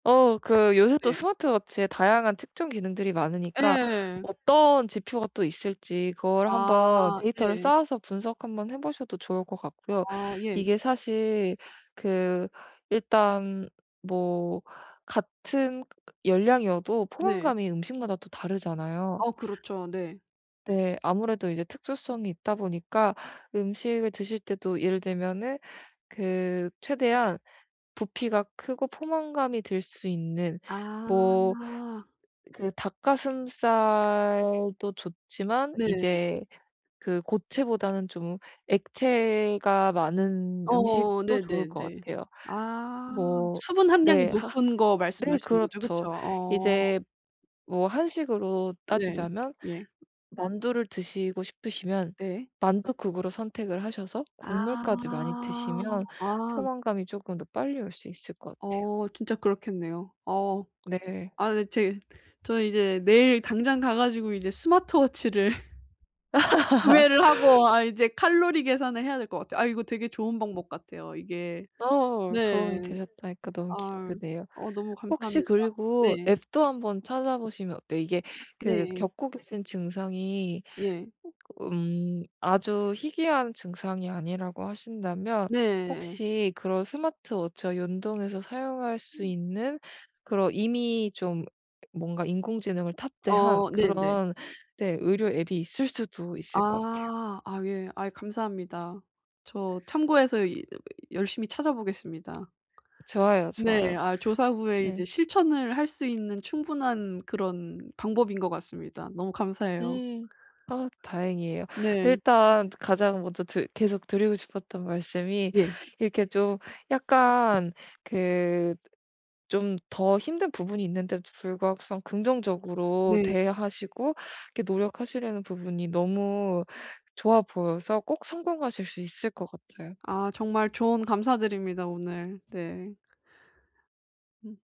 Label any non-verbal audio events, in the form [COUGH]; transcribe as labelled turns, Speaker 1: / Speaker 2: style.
Speaker 1: 어 그 요새 또
Speaker 2: 네.
Speaker 1: 스마트 워치에 다양한 특정 기능들이 많으니까
Speaker 2: 예.
Speaker 1: 어떤 지표가 또 있을지 그걸 한번
Speaker 2: 아.
Speaker 1: 데이터를
Speaker 2: 네.
Speaker 1: 쌓아서 분석 한번 해 보셔도 좋을 것 같고요.
Speaker 2: 아 예.
Speaker 1: 이게 사실 그 일단 뭐 같은 열량이어도
Speaker 2: 네.
Speaker 1: 포만감이 음식마다 또 다르잖아요?
Speaker 2: 어 그렇죠. 네.
Speaker 1: 네. 아무래도 이제 특수성이 있다 보니까 음식을 드실 때도 예를 들면은 그 최대한 부피가 크고 포만감이 들 수 있는 뭐
Speaker 2: 아.
Speaker 1: 그 닭가슴살도 좋지만
Speaker 2: 네.
Speaker 1: 이제 그 고체보다는 좀 액체가 많은
Speaker 2: 어.
Speaker 1: 음식도 좋을 것
Speaker 2: 네네네.
Speaker 1: 같아요.
Speaker 2: 아.
Speaker 1: 뭐
Speaker 2: 수분 함량이
Speaker 1: 네. 하
Speaker 2: 높은 거
Speaker 1: 네
Speaker 2: 말씀하시는 거죠? 그쵸?
Speaker 1: 그렇죠.
Speaker 2: 어.
Speaker 1: 이제 뭐 한식으로
Speaker 2: 네.
Speaker 1: 따지자면
Speaker 2: 예.
Speaker 1: 만두를 드시고 싶으시면
Speaker 2: 네.
Speaker 1: 만두국으로 선택을 하셔서
Speaker 2: 아.
Speaker 1: 국물까지 많이 드시면
Speaker 2: 아.
Speaker 1: 포만감이 쪼끔 더 빨리 올 수 있을 것 같아요.
Speaker 2: 어. 진짜 그렇겠네요. 어.
Speaker 1: 네.
Speaker 2: 아네 제 저는 이제 내일 당장 가 가지고 이제 스마트 워치를 [LAUGHS] 구매를 하고 아 이제 칼로리
Speaker 1: [LAUGHS]
Speaker 2: 계산을 해야 될 것 같아요. 아 이거 되게 좋은 방법 같아요. 이게
Speaker 1: 어. 도움이
Speaker 2: 네.
Speaker 1: 되셨다니까 너무
Speaker 2: 아.
Speaker 1: 기쁘네요.
Speaker 2: 어 너무
Speaker 1: 혹시
Speaker 2: 감사합니다.
Speaker 1: 그리고
Speaker 2: 네.
Speaker 1: 앱도 한번 찾아보시면 어때요? 이게 그
Speaker 2: 네.
Speaker 1: 겪고 계신 증상이
Speaker 2: 예.
Speaker 1: 음 아주 희귀한 증상이 아니라고 하신다면
Speaker 2: 네.
Speaker 1: 혹시 그런 스마트 워치와 연동해서 사용할 수
Speaker 2: 음.
Speaker 1: 있는 그런 이미 좀 뭔가 인공지능을 탑재한
Speaker 2: 어. 네네.
Speaker 1: 그런 네. 의료 앱이 있을 수도 있을 것 같아요.
Speaker 2: 아 아 예. 아이 감사합니다. 저 참고해서 이 열심히 찾아보겠습니다.
Speaker 1: 좋아요,
Speaker 2: 네.
Speaker 1: 좋아요.
Speaker 2: 아 조사 후에 이제
Speaker 1: 네.
Speaker 2: 실천을 할 수 있는 충분한 그런 방법인 것 같습니다. 너무 감사해요.
Speaker 1: 음. 아 다행이에요.
Speaker 2: 네.
Speaker 1: 일단 가장 먼저 드 계속 드리고 싶었던 말씀이
Speaker 2: 예.
Speaker 1: 이렇게 좀 약간 그 좀 더 힘든 부분이 있는데도 불구하고서는 긍정적으로
Speaker 2: 네.
Speaker 1: 대하시고 이렇게 노력하시려는 부분이 너무 좋아 보여서 꼭 성공하실 수 있을 것 같아요.
Speaker 2: 아. 정말 조언 감사드립니다 오늘. 네. 응.